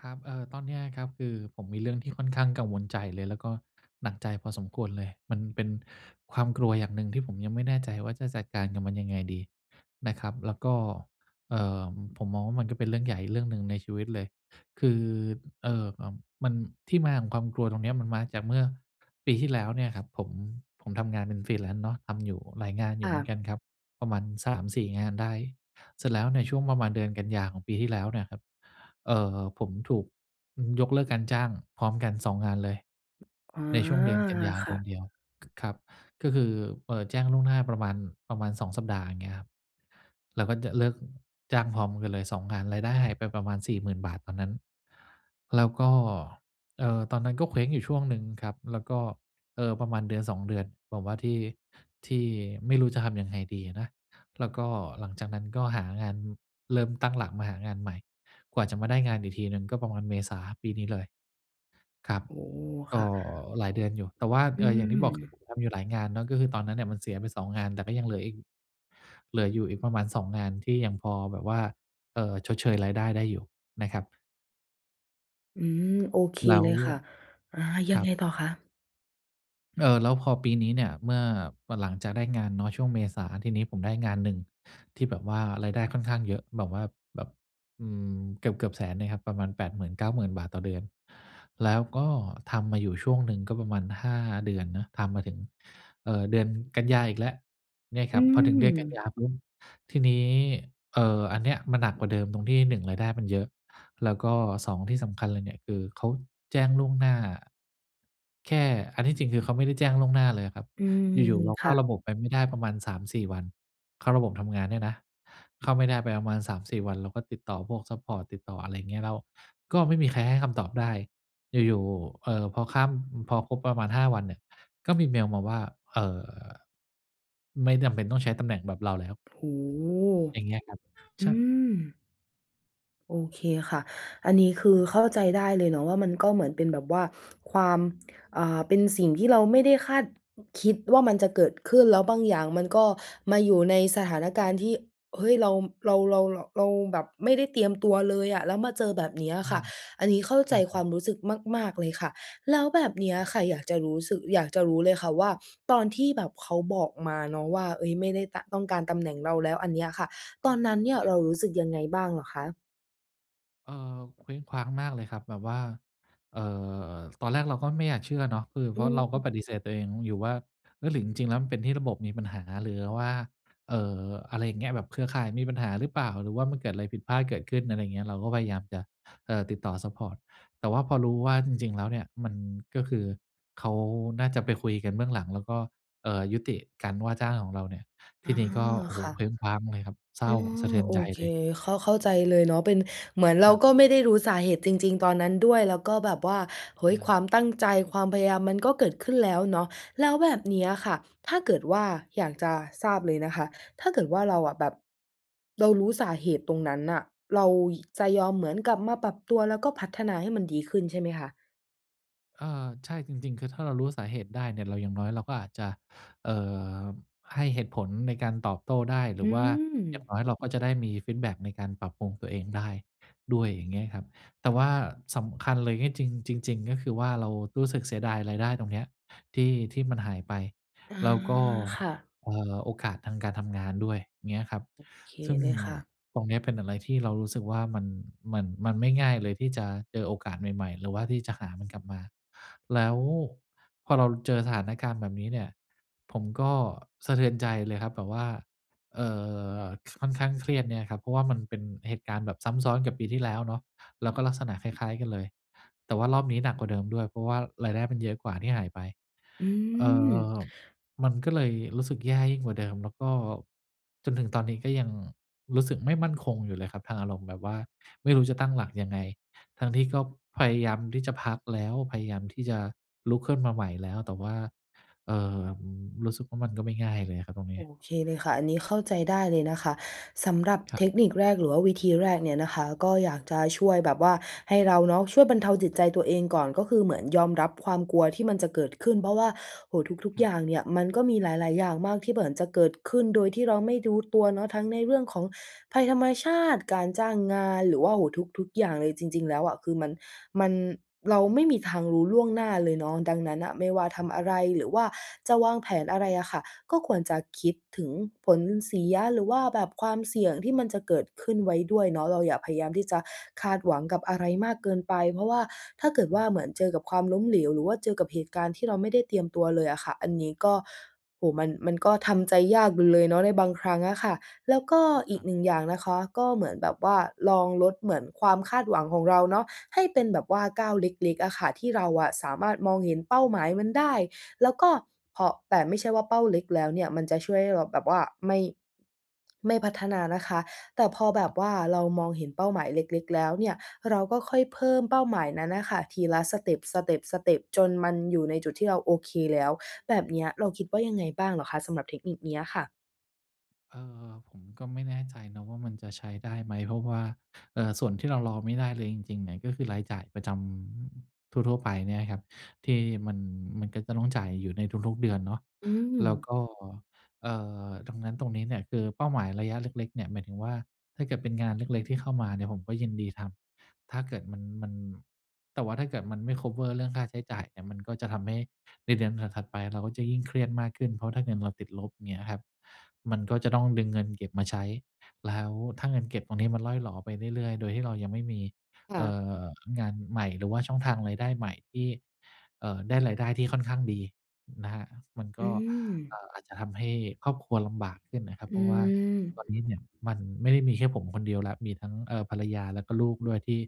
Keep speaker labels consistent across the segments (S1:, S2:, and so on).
S1: ครับ เอ่อ ตอนเนี้ยครับ คือผมมีเรื่องที่ค่อนข้างกังวลใจเลย แล้วก็หนักใจพอสมควรเลย มันเป็นความกลัวอย่างหนึ่งที่ผมยังไม่แน่ใจว่า จะจัดการกับมันยังไงดีนะครับ แล้วก็ เอ่อ ผมมองว่า มันก็เป็นเรื่องใหญ่เรื่องหนึ่งในชีวิตเลย คือ เอ่อ อ่า มัน ที่มาของความกลัวตรงเนี้ย มันมาจากเมื่อปีที่แล้วเนี่ยครับ ผม ผมทำงานเป็น Freelance เนาะ ทำอยู่หลายงานอย
S2: ค
S1: ู่
S2: ่
S1: เหมือนก
S2: ะ
S1: ันครับ ประมาณ 3-4 งานได้ เสร็จแล้วในช่วงประมาณเดือนกันยาของปีที่แล้วเนี่ยครับ เอ่อ ผมถูก อืม ยกเลิกการจ้างพร้อมกัน 2 งานเลย
S2: อ๋อ
S1: ในช่วงเดือนกันยา
S2: ค
S1: เด
S2: ่
S1: ือน
S2: ะ
S1: เดียว ค ครับ ก็คือ เอ่อ แจ้งล่วงหน้าประมาณ ประมาณ 2 สัปดาห์เงี้ยครับ แล้วก็จะ เลิกจ้างพร้อมกันเลย 2 งาน รายได้หายไปประมาณ 40,000 บาทตอนนั้น แล้วก็ เออ ตอนนั้นก็เคว้งอยู่ช่วงหนึ่งครับ แล้วก็ เออ ประมาณเดือน 2 เดือน แบบว่าที่ ที่ไม่รู้จะทำยังไงดีอะนะ แล้วก็หลังจากนั้นก็หางาน เริ่มตั้งหลักมาหางานใหม่ กว่าจะมาได้งานอีกทีหนึ่งก็ประมาณเมษาปีนี้เลย ครับ
S2: โอ้โฮ
S1: ก
S2: ค
S1: ็
S2: ่ะ
S1: หลายเดือนอยู่ แต่ว่า
S2: อื
S1: เอ่อ อย่างที่บอก คือ
S2: ม
S1: ผมทำอยู่หลายงานเนาะ ก็คือตอนนั้นเนี่ยมันเสียไป 2 งาน แต่ก็ยังเหลืออีก เหลืออยู่อีกประมาณ 2 งานที่ยังพอแบบว่า เออ ชดเชยรายได้ได้อยู่นะครับ
S2: อืม โอเค
S1: แล้
S2: เ
S1: ว
S2: ลยค่ะ อา ยั
S1: ค
S2: ง
S1: รั
S2: ไง
S1: บ
S2: ต่อคะ?
S1: เออ แล้วพอปีนี้เนี่ย เมื่อ เมื่อหลังจากได้งานเนาะช่วงเมษา ทีนี้ผมได้งานหนึ่งที่แบบว่ารายได้ค่อนข้างเยอะ แบบว่าแบบ อืม เกือบ ๆ 100,000 เนี่ยครับ ประมาณ ฿80,000-90,000 ต่อเดือน แล้วก็ทำมาอยู่ช่วงหนึ่ง ก็ประมาณ 5 เดือนเนาะ ทำมาถึง เอ่อ เดือนกันยาอีกแล้ว เนี่ย
S2: อ
S1: ค
S2: ื
S1: รับ พอถึงเดือนกันย
S2: ม
S1: าปุ๊บ ทีนี้ เอ่อ อันเนี้ยมันหนักกว่าเดิมตรงที่ 1 รายได้มันเยอะ แล้วก็ 2 ที่สำคัญเลยเนี่ย คือเขาแจ้งล่วงหน้า แค่ อันที่จริงคือเขาไม่ได้แจ้งล่วงหน้าเลยอะครับ
S2: อืม
S1: อยู่ ๆ เรา
S2: ค
S1: เข้
S2: ่
S1: า
S2: ะ
S1: ระบบไปไม่ได้ประมาณ 3-4 วัน เข้าระบบทำงานเนี่ยนะ เข้าไม่ได้ไปประมาณ 3-4 วัน เราก็ติดต่อพวกซัปพอร์ต ติดต่ออะไรอย่างเงี้ย แล้วก็ไม่มีใครให้คำตอบได้ อยู่ ๆ เอ่อ พอข้าม พอครบประมาณ 5 วันเนี่ย ก็มีเมลมาว่า เอ่อ ไม่จำเป็นต้องใช้ตำแหน่งแบบเราแล้ว
S2: โอ้โฮ
S1: อย่างเงี้ยครับ
S2: อ
S1: ช
S2: ื
S1: ะ
S2: ม โอเคค่ะ อันนี้คื
S1: ค
S2: อ
S1: รับ
S2: เข้าใจได้เลยเนาะ ว่ามันก็เหมือนเป็นแบบว่าความ อ่า เป็นสิ่งที่เราไม่ได้คาด คิดว่ามันจะเกิดขึ้น แล้วบางอย่างมันก็มาอยู่ในส
S1: ค
S2: ถ
S1: รับ
S2: านการณ์ที่ เฮ้ย เรา เรา เรา เรา เราแบบไม่ได้เตรียมตัวเลยอะ แล้วมาเจอแบบนี้อ
S1: ใช
S2: ะ
S1: ่
S2: ค่ะ อันนี้เข้า
S1: ใช
S2: ใจควา
S1: ่
S2: มรู้สึกมาก ๆ เลยค่ะ แล้วแบบเนี้ย
S1: ครับ
S2: ค่ะ อยากจะรู้สึก อยากจะรู้เลยค่ะว่า ตอนที่แบบเขาบอกมาเนาะว่า เฮ้ย ไม่ได้ตะ ต้องการตำแหน่งเราแล้ว อันเนี้ยค่ะ ตอนนั้นเนี่ย
S1: คร
S2: เ
S1: ับ
S2: รารู้สึกยังไงบ้างเหรอคะ?
S1: เออ เคว้งคว้างมากเลยครับ แบบว่า เอ่อ ตอนแรกเราก็ไม่อยากเชื่อเนาะ คือ
S2: อ
S1: เพ
S2: ื
S1: ราะเราก็
S2: ม
S1: ปฏิเสธตัวเองอยู่ว่า เออ หรือจริง ๆ แล้วมันเป็นที่ระบบมีปัญหา หรือว่า เอ่อ อะไรอย่างเงี้ย แบบเครือข่ายมีปัญหาหรือเปล่า? หรือว่ามันเกิดอะไรผิดพลาดเกิดขึ้น อะไรอย่างเงี้ย เราก็พยายามจะ เออ ติดต่อซัปพอร์ต แต่ว่าพอรู้ว่าจริง ๆ แล้วเนี่ย มันก็คือ เขาน่าจะไปคุยกันเบื้องหลัง แล้วก็ เอ่อ ยุติการว่าจ้างของเราเนี่ย
S2: อ
S1: ที
S2: า
S1: ่นี้ก็ โอ้โ
S2: ค
S1: ฮ
S2: ่ะ
S1: เคว้งคว้างเลยครับ เศร้
S2: อ
S1: า
S2: ื
S1: สะ
S2: อ
S1: เทือน
S2: โอ
S1: ใจ
S2: เค
S1: เลย
S2: เข้า เข้าใจเลยเนาะ เป็นเหมือนเร
S1: ค
S2: า
S1: ร
S2: ก็
S1: ับ
S2: ไม่ได้รู้สาเหตุจริง ๆ ตอนนั้นด้วย แล้วก็แบบว่า เฮ
S1: อ
S2: ้ย
S1: ะฮ
S2: คว
S1: ะ
S2: ามตั้งใจ ความพยายามมันก็เกิดขึ้นแล้วเนาะ แล้วแบบเนี้ยค่ะ ถ้าเกิดว่า อยากจะทราบเลยนะคะ ถ้าเกิดว่าเราอะแบบ เรารู้สาเหตุตรงนั้นน่ะ เราหยิ จะยอมเหมือนกลับมาปรับตัว แล้วก็พัฒนาให้มันดีขึ้นใช่ไหมคะ?
S1: เอ่อ ใช่ จริง ๆ คือถ้าเรารู้สาเหตุได้เนี่ย เรา อย่างน้อยเราก็อาจจะ เอ่อ ให้เหตุผลในการตอบโต้ได้ หร
S2: อ
S1: ื
S2: ื
S1: อว่าอย่าง
S2: ม
S1: น้อยเราก็จะได้มีฟีดแบ็กในการปรับปรุงตัวเองได้ด้วย อย่างเงี้ยครับ แต่ว่าสำคัญเลย ที่จริง จริง ๆ ก็คือว่า เรารู้สึกเสียดายรายได้ตรงเนี้ยที่ ที่มันหายไป
S2: อา
S1: แล้วก็
S2: ค่ะ
S1: เอ่อ โอกาสทางการทำงานด้วย เงี้ยครับ
S2: โอเค
S1: ซึ่ง
S2: เลยค่ะ
S1: ตรงเนี้ยเป็นอะไรที่เรารู้สึกว่ามัน มัน มันไม่ง่ายเลยที่จะเจอโอกาสใหม่ ๆ หรือว่าที่จะหามันกลับมา แล้วพอเราเจอสถานการณ์แบบนี้เนี่ย ผมก็สะเทือนใจเลยครับแบบว่า เอ่อ ค่อนข้างเครียดเนี่ยครับ เพราะว่ามันเป็นเหตุการณ์แบบซ้ำซ้อนกับปีที่แล้วเนาะ แล้วก็ลักษณะคล้าย ๆ กันเลย แต่ว่ารอบนี้หนักกว่าเดิมด้วย เพราะว่ารายได้มันเยอะกว่า ที่หายไป
S2: อื
S1: เอ่อ
S2: ม
S1: มันก็เลยรู้สึกแย่ยิ่งกว่าเดิม แล้วก็ จนถึงตอนนี้ก็ยังรู้สึกไม่มั่นคงอยู่เลยครับทางอารมณ์ แบบว่าไม่รู้จะตั้งหลักยังไง? ทั้งที่ก็พยายามที่จะพักแล้ว พยายามที่จะลุกขึ้นมาใหม่แล้ว แต่ว่า เอ่อ อืม รู้สึกว่ามันก็ไม่ง่ายเลยอะครับตรงนี
S2: โ
S1: ้
S2: อเคเลยค่ะ อันนี้เข้าใจได้เลยนะคะ สำหรับ
S1: คร
S2: เ
S1: ับ
S2: ทคนิคแรกหรือว่าวิธีแรกเนี่ยนะคะ ก็อยากจะช่วยแบบว่า ให้เราเนาะช่วยบรรเทาจิตใจตัวเองก่อน ก็คือเหมือนยอมรับความกลัวที่มันจะเกิดขึ้น เพราะว่า โอ้โฮ ทุก
S1: ค
S2: ๆ
S1: ร
S2: อ
S1: ั
S2: ย
S1: บ
S2: ่างเนี่ยมันก็มีหลาย ๆ อย่างมาก ที่เหมือนจะเกิดขึ้นโดยที่เราไม่รู้ ตัวเนาะ ทั้งในเรื่องของภัยธรรมชาติ การจ้างงาน หรือว่า โอ้โฮ ทุก ๆ อย่างเลย จริง ๆ แล้วอะ คือมัน มัน เราไม่มีทางรู้ล่วงหน้าเลยเนาะ ดังนั้นน่ะไม่ว่าทำอะไรหรือว่าจะวางแผนอะไรอะค่ะ ก็ควรจะคิดถึงผลเสีย หรือว่าแบบความเสี่ยงที่มันจะเกิดขึ้นไว้ด้วยเนาะ เราอย่าพยายามที่จะคาดหวังกับอะไรมากเกินไป เพราะว่าถ้าเกิด
S1: ค
S2: ว
S1: ร
S2: ่
S1: ั
S2: า
S1: บ
S2: เหมือนเจอกับความล้มเหลว หรือว่าเจอกับเหตุการณ์ที่เราไม่ได้เตรียมตัวเลยอะค่ะ อันนี้ก็ โอ้โฮ มัน มันก็ทำใจยากอยู่เลยเนาะในบางครั้งอะค่ะ แล้วก็อี
S1: คร
S2: ก
S1: ับ
S2: 1 อย่างนะคะ ก็เหมือนแบบว่าลองลดเหมือนความคาดหวังของเราเนาะ ให้เป็นแบบว่าก้าวเล็ก ๆ อะค่ะ ที่เราอะสามารถมองเห็นเป้าหมายมันได้ แล้วก็เผาะ แต่ไม่ใช่ว่าเป้าเล็กแล้วเนี่ย มันจะช่วยให้เราแบบว่าไม่ ไม่พัฒนานะคะ แต่พอแบ
S1: คร
S2: บ
S1: ับ
S2: ว่าเรามองเห็นเป้าหมายเล็ก ๆ แล้วเนี่ย เราก็ค่อยเพิ่มเป้าหมายนั้นน่ะค่ะ ทีละสเต็ป สเต็ป สเต็ป จนมันอยู่ในจุดที่เราโอเคแล้ว แบบเนี้ยเราคิดว่ายังไงบ้างเหรอคะสำหรับเทคนิคเนี้ยค่ะ?
S1: เออ ผมก็ไม่แน่ใจนะว่า มันจะใช้ได้ไหม? เพราะว่า เอ่อ ส่วนที่เรารอไม่ได้เลยจริง ๆ เนี่ย ก็คือรายจ่ายประจำทั่ว ๆ ไปเนี่ยครับ ที่มัน มันก็จะต้องจ่ายอยู่ในทุก ๆ เดือนเนาะ
S2: อื
S1: แล้ว
S2: ม
S1: ก็ เอ่อ ตรงนั้นตรงนี้เนี่ย คือเป้าหมายระยะเล็ก ๆ เนี่ย หมายถึงว่า ถ้าเกิดเป็นงานเล็ก ๆ ที่เข้ามาเนี่ย ผมก็ยินดีทำ ถ้าเกิดมัน มัน แต่ว่าถ้าเกิดมันไม่ คัฟเวอร์ เรื่องค่าใช้จ่ายเนี่ย มันก็จะทำให้ในเดือนถัด ๆ ไป เราก็จะยิ่งเครียดมากขึ้น เพราะถ้าเงินเราติดลบ เงี้ยครับ มันก็จะต้องดึงเงินเก็บมาใช้ แล้วถ้าเงินเก็บตรงนี้มันร่อยหรอไปเรื่อย ๆ โดยที่เรายังไม่มี
S2: ค่
S1: เอ่
S2: ะ
S1: อ งานใหม่ หรือว่าช่องทางรายได้ใหม่ที่ เอ่อ ได้รายได้ที่ค่อนข้างดีนะครับ มัน
S2: อ
S1: ก
S2: ื
S1: ็ เอ
S2: ม
S1: ่อ อาจจะทำให้ครอบครัวลำบากขึ้นนะครับ
S2: อ
S1: เพ
S2: ื
S1: ราะว่า
S2: ม
S1: ตอนนี้เนี่ยมันไม่ได้มีแค่ผมคนเดียวแล้ว มีทั้ง เอ่อ ภรรยาแล้วก็ลูกด้วยที่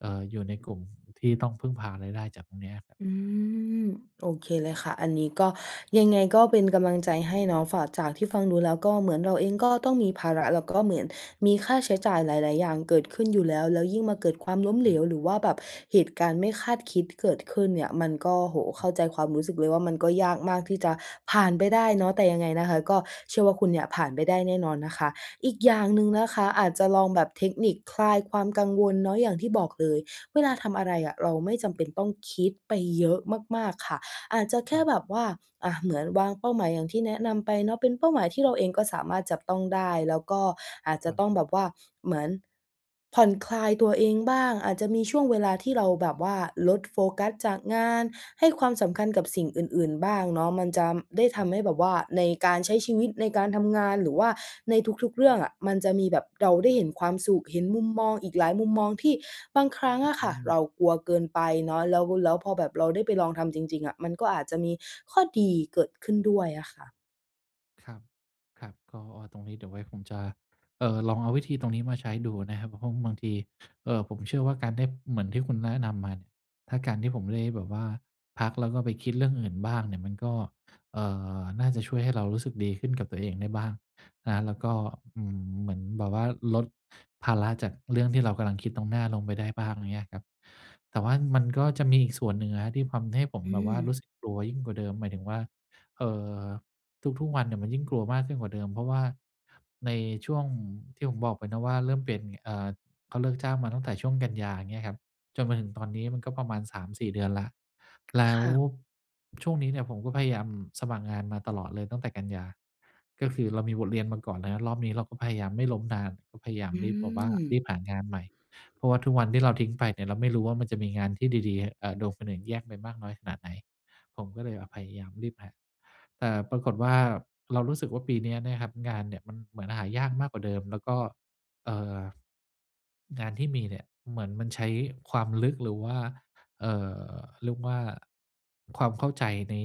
S1: เอ่อ อยู่ในกลุ่มที่ต้องพึ่งพารายได้จากตรงเนี้ย
S2: อืม โอเคเลยค่ะ อันนี้ก็ ยังไงก็เป็นกำลังใจให้เนาะ ฝาก จากที่ฟังดูแล้ว ก็เหมือน เราเองก็ต้องมีภาระ แล้วก็เหมือน มีค่าใช้จ่ายหลาย ๆ อย่างเกิดขึ้นอยู่แล้ว แล้วยิ่งมาเกิดความล้ม
S1: ใ
S2: เ
S1: ช
S2: หล
S1: ่
S2: ว หรือว่าแบบเหตุการณ์ไม่คาดคิดเกิดขึ้นเนี่ย มันก็ โอ้โฮ เ
S1: ค
S2: ข
S1: ร
S2: ้
S1: ับ
S2: าใจความรู้สึกเลยว่า มันก็ยากมากที่จะผ่านไปได้เนาะ แต่ยังไงนะคะ ก็เชื่อว่าคุณเนี่ยผ่านไปได้แน่นอนนะคะ อีกอย่างหนึ่งนะคะ อาจจะลองแบบเทคนิคคลายความกังวลเนาะ อย่างที่บอกเลย เวลาทำอะไรอะ เราไม่จำเป็นต้องคิดไปเยอะมาก ๆ ค่ะ อาจจะแค
S1: คร
S2: ่
S1: ับ
S2: แบบว่า อะ เหมือนวางเป้าหมายอย่างที่แนะนำไปเนาะ เป็นเป้าหมายที่เราเองก็สามารถจับต้องได้ แล้วก็อาจจ
S1: ค
S2: ะ
S1: รั
S2: ต
S1: บ
S2: ้องแบบว่า เหมือน ผ่อนคลายตัวเองบ้าง อาจจะมีช่วงเวลาที่เราแบบว่าลดโฟกัสจากงาน ให้ความสำคัญกับสิ่งอื่น ๆ บ้างเนาะ มันจะ ได้ทำให้แบบว่า ในการใช้ชีวิต ในการทำงาน หรือว่าในทุก ๆ เรื่องอะ มันจะมีแบบ เราได้เห็นความสุข เห็นมุมมองอีกหลายมุมมอง ที่บางครั้งอะ
S1: อ
S2: ค
S1: ื
S2: ่ะ
S1: ม
S2: เรากลัวเกินไปเนาะ แล้ว แล้วพอแบบเราได้ไปลองทำจริง ๆ อะ มันก็อาจจะมีข้อดีเกิดขึ้นด้วยอะค่ะ
S1: ครับ ครับ ก็ อ้อ ตรงนี้เดี๋ยวไว้ผมจะ เอ่อ ลองเอาวิธีตรงนี้มาใช้ดูนะครับ เพราะว่าบางที เอ่อ ผมเชื่อว่าการได้ เหมือนที่คุณแนะนำมาเนี่ย ถ้าการที่ผมได้แบบว่าพัก แล้วก็ไปคิดเรื่องอื่นบ้างเนี่ย มันก็ เอ่อ น่าจะช่วยให้เรารู้สึกดีขึ้นกับตัวเองได้บ้าง นะครับ แล้วก็ อืม เหมือนแบบว่า ลดภาระจากเรื่องที่เรากำลังคิดตรงหน้าลงไปได้บ้าง เงี้ยครับ แต่ว่ามันก็จะมีอีกส่วนหนึ่งอะครับ ที่ทำให้ผม
S2: อื
S1: แบบว่า
S2: ม
S1: รู้สึกกลัวยิ่งกว่าเดิม หมายถึงว่า เอ่อ ทุก ๆ วันเนี่ย มันยิ่งกลัวมากขึ้นกว่าเดิม เพราะว่า ในช่วงที่ผมบอกไปเนาะว่า เริ่มเปลี่ยน เอ่อ เขาเลิกจ้างมาตั้งแต่ช่วงกันยา อย่างเงี้ยครับ จนมาถึงตอนนี้มันก็ประมาณ 3-4 เดือนแล้ว แล
S2: ค
S1: ้ว
S2: ่ะ
S1: ช่วงนี้เนี่ย ผมก็พยายามสมัครงานมาตลอดเลย ตั้งแต่กันยา ก็คือเรามีบทเรียนมาก่อนเนาะ รอบนี้เราก็พยายามไม่ล้มนาน ก็พยายาม
S2: อื
S1: รีบแบบว่า รี
S2: ม
S1: บหางานใหม่ เพราะว่าทุกวันที่เราทิ้งไปเนี่ย เราไม่รู้ว่ามันจะมีงานที่ดี ๆ เอ่อ โดนคนอื่นแย่งไปมากน้อยขนาดไหน ผมก็เลยแบบพยายามรีบหา แต่ปรากฏว่า เรารู้สึกว่าปีนี้เนี่ยครับ งานเนี่ยมันเหมือนหายากมากกว่าเดิม แล้วก็ เอ่อ งานที่มีเนี่ย เหมือนมันใช้ความลึก หรือว่า เอ่อ เรียกว่า ความเข้าใจใน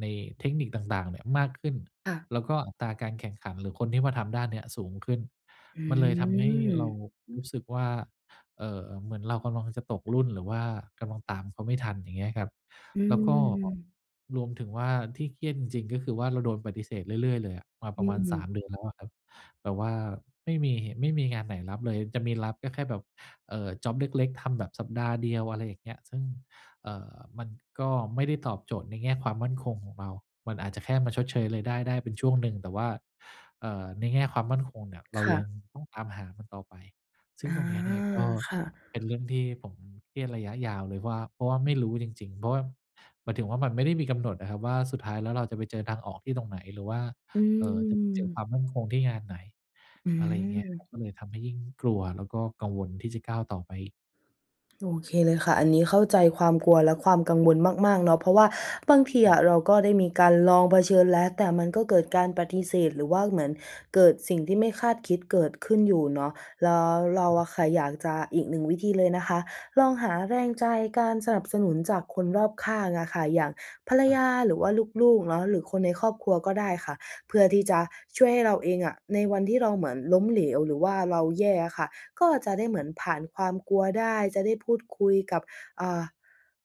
S1: ในเทคนิคต่าง ๆ เนี่ย มากขึ้น
S2: ค่ะ
S1: แล้วก็อัตราการแข่งขัน หรือคนที่มาทำด้านเนี้ยสูงขึ้น
S2: อื
S1: มันเลยทำให้เรา
S2: ม
S1: รู้สึกว่า เอ่อ เหมือนเรากำลังจะตกรุ่น หรือว่ากำลังตามเขาไม่ทัน อย่างเงี้ยครับ
S2: อื
S1: แล้วก็
S2: ม
S1: รวมถึงว่าที่เครียดจริง ๆ ก็คือว่าเราโดนปฏิเสธเรื่อย ๆ เลยอะ มา
S2: อ
S1: ปร
S2: ื
S1: ะมาณ 3
S2: ม
S1: เดือนแล้วอะครับ แบบว่าไม่มีเห ไม่มีงานไหนรับเลย จะมีรับก็แค่แบบ เอ่อ จ็อบเล็ก ๆ ทำแบบสัปดาห์เดียว อะไรอย่างเงี้ย ซึ่ง เอ่อ มันก็ไม่ได้ตอบโจทย์ในแง่ความมั่นคงของเรา มันอาจจะแค่มาชดเชยรายได้ได้เป็นช่วงหนึ่ง แต่ว่า เอ่อ ในแง่ความมั่นคงเนี่ย เร
S2: ค
S1: า
S2: ่
S1: ยัง
S2: ะ
S1: ต้องตามหามันต่อไป ซึ่
S2: อ
S1: ง
S2: า
S1: ตรงนี้เนี่ย ก็
S2: ค่ะ
S1: เป็นเรื่องที่ผมเครียดระยะยาวเลยว่า เพราะว่าไม่รู้จริง ๆ เพราะว่า หมายถึงว่ามันไม่ได้มีกำหนดอะครับว่า สุดท้ายแล้วเราจะไปเจอทางออกที่ตรงไหน? หรือว่า
S2: อื
S1: เอ่อ จะไปเจอค
S2: ม
S1: วามมั่นคงที่งานไหน?
S2: อื
S1: อะไรอย่างเงี้ยครับ
S2: ม
S1: ก็เลยทำให้ยิ่งกลัว แล้วก็กังวลที่จะก้าวต่อไป
S2: โอเคเลยค่ะ อันนี้เข้าใจความกลัวและความกังวลมาก ๆ เนาะ เพราะว่าบางที
S1: คร
S2: อ
S1: ับ
S2: ะเราก็ได้มีการลองเผชิญแล้ว แต่มันก็เกิดการปฏิเสธ หรือว่าเหมือนเกิดสิ่งที่ไม่คาดคิดเกิดขึ้นอยู่เนาะ แล้วเรา
S1: อือฮ
S2: อะค
S1: ึ
S2: ่ะ อยากจะ อีก 1 วิธีเลยนะคะ ลองหาแรงใจ การสนับสนุนจากคนรอบข้างอะค่ะ อย่างภรร
S1: คร
S2: ย
S1: ับ
S2: า หรือว่าลูก ๆ เนาะ หรือคนในครอบครัวก็ได้ค่ะ เพื่อที่จะช่วยให้เราเองอะ ในวันที่เราเหมือนล้มเหลว หรือว่าเราแย่อะค่ะ ก็จะได้เหมือนผ่านความกลัวได้ จะได้พูดคุยกับ อ่า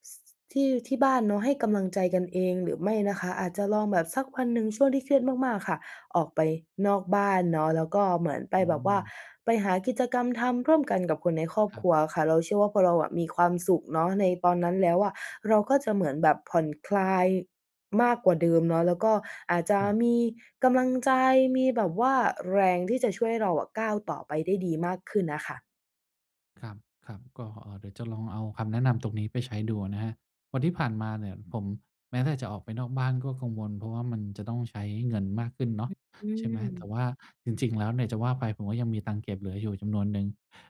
S2: ส ที่ ที่บ้านเนาะ ให้กำลังใจกันเอง หรือไม่นะคะอาจจะลองแบบ สักวันหนึ่ง ช่วงที่เครียดมาก ๆ ค่ะ ออกไปนอกบ้านเนาะ แล้วก็เหมือนไป
S1: อื
S2: แบบว่า
S1: ม
S2: ไปหากิจกรรมทำร่วมกันกับคนในครอบ
S1: คร
S2: ค
S1: ับ
S2: รัวค่ะ เราเชื่อว่า พอเราอะมีความสุขเนาะในตอนนั้นแล้วอะ เราก็จะเหมือนแบบผ่อนคลายมากกว่าเดิมเนาะ แล้วก็อาจจะ
S1: ครับ
S2: มีกำลังใจ มีแบบว่าแรงที่จะช่วยให้เราอะ ก้าวต่อไปได้ดีมากขึ้นน่ะค่ะ
S1: ครับ ๆ ก็ เอ่อ เดี๋ยวจะลองเอาคำแนะนำตรงนี้ไปใช้ดูอะนะครับ เพราะที่ผ่านมาเนี่ยผม แม้แต่จะออกไปนอกบ้านก็กังวล เพราะว่ามันจะต้องใช้เงินมากขึ้นเนา
S2: อ
S1: ะ
S2: ือ อื
S1: ใช่ไหม แต่
S2: ม
S1: ว่าจริง ๆ แล้วเนี่ย จะว่าไปผมก็ยังมีตังค์เก็บเหลืออยู่จำนวนหนึ่ง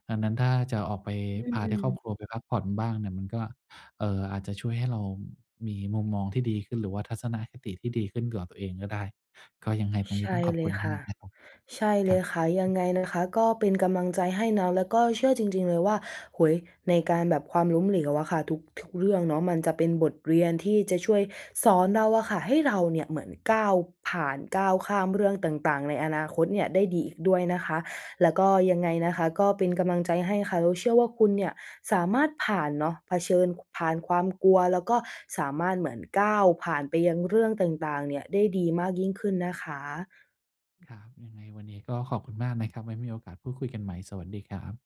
S1: ดังนั้นถ้าจะออกไป
S2: อื
S1: พาได้ครอบ
S2: ม
S1: ครัวไปพักผ่อนบ้างเนี่ย มันก็ เอ่อ อาจจะช่วยให้เรามีมุมมองที่ดีขึ้น หรือว่าทัศนคติที่ดีขึ้นเกี่ยวกับตัวเองก็ได้ ก็ยังไงตรง
S2: ใช
S1: นี้ต้
S2: ่
S1: องขอบ
S2: เล
S1: คุ
S2: ย
S1: ณ
S2: ค
S1: ม
S2: ่ะ
S1: าก ๆ นะครับ
S2: ใช่เ
S1: ค
S2: ล
S1: รั
S2: ยค่
S1: บ
S2: ะ ยังไงนะคะก็เป็นกำลังใจให้นะ แล้วก็เชื่อจริง ๆ เลยว่า โอ้โฮ ในการแบบ ความล้มเหลวอะค่ะ ทุก ทุกเรื่องเนาะ มันจะเป็นบทเรียนที่จะช่วยสอนเราอะค่ะให้เราเนี่ยเหมือนก้าวผ่าน ก้าวข้ามเรื่องต่าง ๆ ในอนาคตเนี่ยได้ดีอีกด้วยนะคะ แล้วก็ ยังไงนะคะก็เป็นกำลังใจให้ค่ะ เราเชื่อว่า คุณเนี่ยสามารถผ่านเนาะ เผชิญ ผ่านความกลัว แล้วก็สามารถเหมือนก้าวผ่านไปยังเรื่องต่าง ๆ เนี่ย ได้ดีมากยิ่งขึ้นนะคะ
S1: ครับ ยังไงวันนี้ก็ขอบคุณมากนะครับ ไว้มีโอกาสพูดคุยกันใหม่ สวัสดีครับ